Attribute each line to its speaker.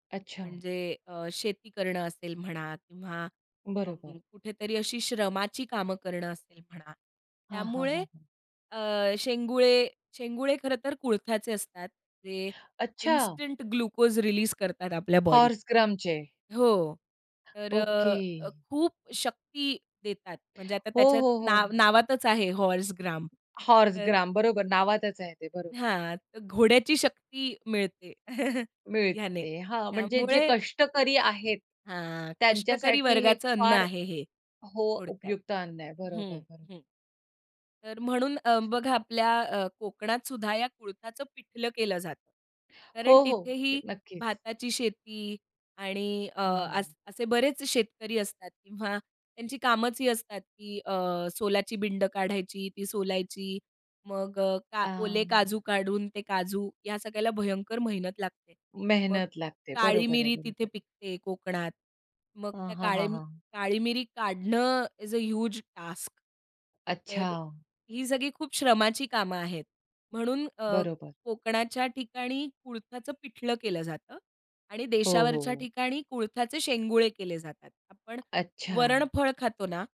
Speaker 1: अच्छा.
Speaker 2: म्हणजे अ, शेती करणं असेल म्हणा किंवा अ,
Speaker 1: बरोबर.
Speaker 2: कुठेतरी अशी श्रमाची कामं करणं असेल म्हणा.
Speaker 1: हां, हां,
Speaker 2: त्यामुळे
Speaker 1: हां, हां.
Speaker 2: अ, शेंगुळे शेंगुळे खरंतर कुळथ्याचे असतात. जे
Speaker 1: अच्छा!
Speaker 2: इन्स्टंट ग्लुकोज रिलीज करतात आपल्या बॉडीत.
Speaker 1: हॉर्स ग्रामचे.
Speaker 2: हो. तर
Speaker 1: ओके.
Speaker 2: अ, अ, खूप शक्ती देतात. म्हणजे आता
Speaker 1: हो,
Speaker 2: त्याच्यात
Speaker 1: हो,
Speaker 2: नाव
Speaker 1: हो.
Speaker 2: नावातच आहे हॉर्स ग्राम.
Speaker 1: हॉर्स
Speaker 2: तर
Speaker 1: ग्राम, बरोबर. नावातच आहे ते. बरोबर.
Speaker 2: हां. तर घोड्याची शक्ती मिळते हयाने.
Speaker 1: मिळते. हां, म्हणजे जे
Speaker 2: त्यामुळे
Speaker 1: कष्टकरी आहेत.
Speaker 2: हां. कष्टकरी
Speaker 1: त्यांच्यासाठी हे
Speaker 2: वर्गाचं अन्न
Speaker 1: फार
Speaker 2: आहे हे
Speaker 1: हो,
Speaker 2: थोडक्यात.
Speaker 1: उपयुक्त अन्न आहे.
Speaker 2: हं,
Speaker 1: बरोबर, बरोबर.
Speaker 2: हं, तर म्हणून अ, बघा, आपल्या अ, कोकणातसुद्धा या कुळथाचं पिठलं केलं जातं, कारण
Speaker 1: हो, हो.
Speaker 2: तिथेही
Speaker 1: नक्कीच.
Speaker 2: भाताची शेती आणि अ,
Speaker 1: हं.
Speaker 2: अस असे बरेच शेतकरी असतात किंवा त्यांची कामंचं ही असतात की अ, सोलाची बिंड काढायची, ती सोलायची, मग अ, का
Speaker 1: आ
Speaker 2: ओले काजू काढून ते काजू या सगळ्याला भयंकर मेहनत लागते. मग
Speaker 1: मेहनत लागते.
Speaker 2: काळी
Speaker 1: बरोबर आहे,
Speaker 2: मिरी
Speaker 1: बरोबर
Speaker 2: तिथे
Speaker 1: आहे.
Speaker 2: पिकते कोकणात. मग
Speaker 1: हं,
Speaker 2: त्या
Speaker 1: हां,
Speaker 2: काळे
Speaker 1: हां, हां.
Speaker 2: काळी मिरी काढणं इज अ ह्यूज टास्क. तर अ,
Speaker 1: अच्छा.
Speaker 2: ही सगळी खूप श्रमाची कामं आहेत. म्हणून अ,
Speaker 1: बरोबर.
Speaker 2: कोकणाच्या ठिकाणी कुळथाचं पिठलं केलं जातं आणि
Speaker 1: हो,
Speaker 2: देशावरच्या
Speaker 1: हो.
Speaker 2: ठिकाणी कुळथाचे शेंगुळे केले जातात. आपण
Speaker 1: अच्छा.
Speaker 2: वरण फळ खातो ना